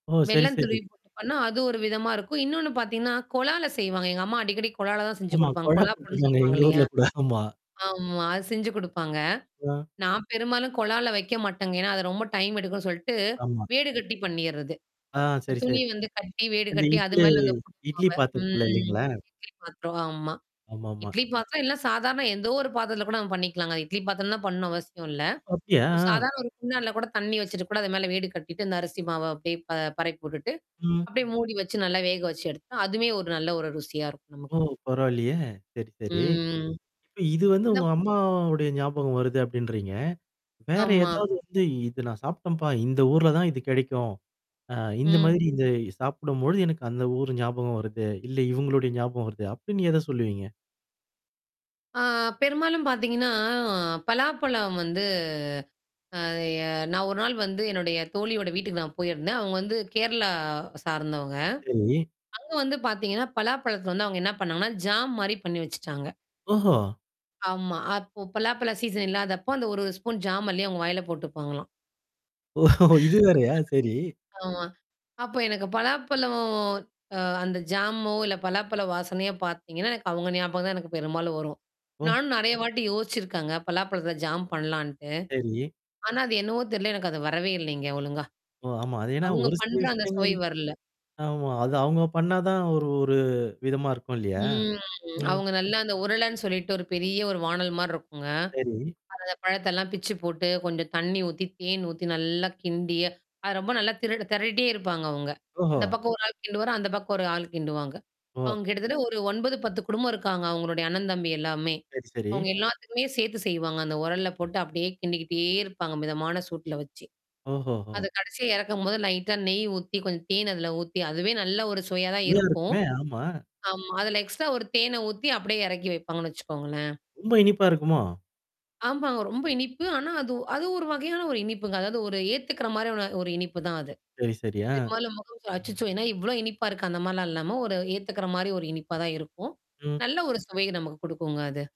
ஓ! சரி, வெள்ளம் சரி. துருவி போட்டுபன்னா அது ஒரு விதமா இருக்கும். இன்னொன்னு பாத்தீங்கன்னா, கொழால செய்வாங்க. எங்க அம்மா அடிக்கடிக் கொழால தான் செஞ்சு ஆமா. குடுப்பாங்க. கொழா கொழா புட்டு புட்டுங்குவாங்க. சொல்லுவாங்க எங்க இல்லையா? ஊர்ல அப்படித்தான் ஆமா. ஆம்மா. அது செஞ்சு குடுப்பாங்க. ஆ. நான் பெரும்பாலும் கொழால வெக்க மாட்டேங்க. ஏன்னா, அது ரொம்ப டைம் எடுக்கும்ன்னு சொல்ட்டு ஆமா. வீடு கட்டி பண்ணீர்றது. ஆ சரி, துணி செரி. வந்து கட்டி, வீடு அந்த கட்டி அது இட்லி மேல அந்த இட்லி [unintelligible] பாத்தரத்துல ம். இல்லைங்களா? இட்லி பாத்தரம் ஆமா. ஆமாமா. இட்லி பாத்திரம் இல்லனா சாதாரணம் எதோ ஒரு பாத்தரத்துல கூட நம்ம பண்ணிக்கலாங்க. இட்லி பாத்தரம்ல தான் பண்ணணும் அவசியம் இல்ல. அப்டியா? ஒரு அ. சாதாரண ஒரு குண்டான்ல கூட தண்ணீ வெச்சுட்டு கூட அது மேல வீடு கட்டிட்டு அந்த அரிசி மாவ போய் ப பரப்பி உட்டுட்டு. ம். அப்டியே மூடி வச்சு நல்லா வேக வச்சு எடுத்தா, அதுமே ஒரு நல்ல ஒரு ருசியா இருக்கும் நமக்கு. ஓ! பரவால்லையே! சரி, சரி. ம். இப்ப இது வந்து உங்க [unintelligible] அம்மாவுடைய ஞாபகம் வருது அப்டின்றீங்க. வேற ஆமா. ஏதாவது வந்து இது நான் சாப்பிட்டம்ப்பா, இந்த ஊர்ல தான் இது கிடைக்கும். அ இந்த ம். மாதிரி இந்த சாப்பிடும்பொழுது எனக்கு அந்த ஊர் ஞாபகம் வருது. இல்ல இவங்களுடைய ஞாபகம் வருது. அப்டின்னு எத சொல்லுவீங்க? ஆ பெரும்பாலும் பாத்தீங்கன்னா, பலாப்பழம் வந்து நான் ஒரு நாள் வந்து என்னுடைய தோழியோட வீட்டுக்கு நான் போயிருந்தேன். அவங்க வந்து கேரளா சார்ந்தவங்க. சரி. அங்க வந்து பாத்தீங்கன்னா, பலாப்பழத்தல வந்து அவங்க என்ன பண்ணாங்கன்னா, ஜாம் மாரி பண்ணி வெச்சுட்டாங்க. ஓஹோ! ஆமா. அப்போ பலாப்பலா சீசன் இல்லாதப்போ அந்த ஒரு ஒரு ஸ்பூன் ஜாம் அல்லி அவங்க வாயில போட்டுப்பாங்களா. ஓஹோ! இது வேறையா! சரி? ஆமா. அப்ப எனக்கு பலாப்பழம் அ அந்த ஜாமோ இல்ல பலாப்பழ வாசனையோ பாத்தீங்கன்னா, எனக்கு அவங்க ஞாபகம் தான் எனக்கு பெரும்பாலும் வரும். ஓ. நானும் நெறைய வாட்டி யோசிச்சிருக்கங்க. பலாப்பழத்தல ஜாம் பண்ணலான்ட்டு. செரி. ஆனா, அது என்னவோ தெரில எனக்கு அது வரவே இல்லங்க. ஒழுங்கா. ஓ! ஆமா. அது ஏன்னா அவங்க ஒரு சில பண்ற அந்த சுவை விஷயங்கள். வரல. ஆமா. அது அவங்க பண்ணா தான் ஒரு ஒரு விதமா இருக்கும் இல்லையா? ம். ம். அவங்க நல்லா அந்த உருளன்னு சொல்லிட்டு ஒரு பெரிய ஒரு வானல் மாருக்குங்க. செரி. அதுல பழத்தெல்லாம் பிச்சு போட்டு கொஞ்சம் தண்ணி ஊத்தி, தேன் ஊத்தி, நல்லா கிண்டி அது ரொம்ப நல்லா திருட திரட்டிட்டே இருப்பாங்க அவங்க. ஓஹோ! இந்த பக்கம் ஒரு ஆள் கிண்டுவாரு. அந்த பக்கம் ஒரு ஆள் கிண்டுவாங்க. ஓ. அவங்க கிட்டத்தட்ட 9, 10 குடும்பம் இருக்காங்க. அவங்களுடைய அண்ணன் தம்பி எல்லாமே. சரி, சரி. அவங்க எல்லாத்துக்குமே சேத்து செய்வாங்க. அந்த உரல்ல போட்டு அப்டியே கிண்டிக்கிட்டே இருப்பாங்க. மிதமான சூட்ல வச்சு. ஓஹோஹோ! அது கடைசியா இறக்கும்போது லைட்டா நெய் ஊத்தி, கொஞ்சம் தேன் அதில ஊத்தி, அதுவே நல்ல ஒரு சுவையா தான் இருக்கும். நல்லாருக்குமே, ஆமா. ஆமா. அதுல எக்ஸ்ட்ரா ஒரு தேன ஊத்தி அப்படியியே இறக்கி வைப்பாங்கன்னு வெச்சுக்கோங்களேன். ரொம்ப இனிப்பா இருக்குமா? ஆமாங்க. ரொம்ப இனிப்பு. ஆனா, அது அது ஒரு வகையான ஒரு இனிப்புங்க. அதாவது ஒரு ஏத்துக்கற மாரியான ஒரு இனிப்பு தான் அது. செரி, செரி. அ. பெரும்பாலும் [unintelligible] அச்சிச்சோ. ஏன்னா, இவ்ளோ இனிப்பா இருக்கு? அந்த மாரிலாம் இல்லாம. ஒரு ஏத்துக்கற மாரி ஒரு இனிப்பா தான் இருக்கும். ம். நல்ல ஒரு சுவை நமக்கு குடுக்குங்க அது.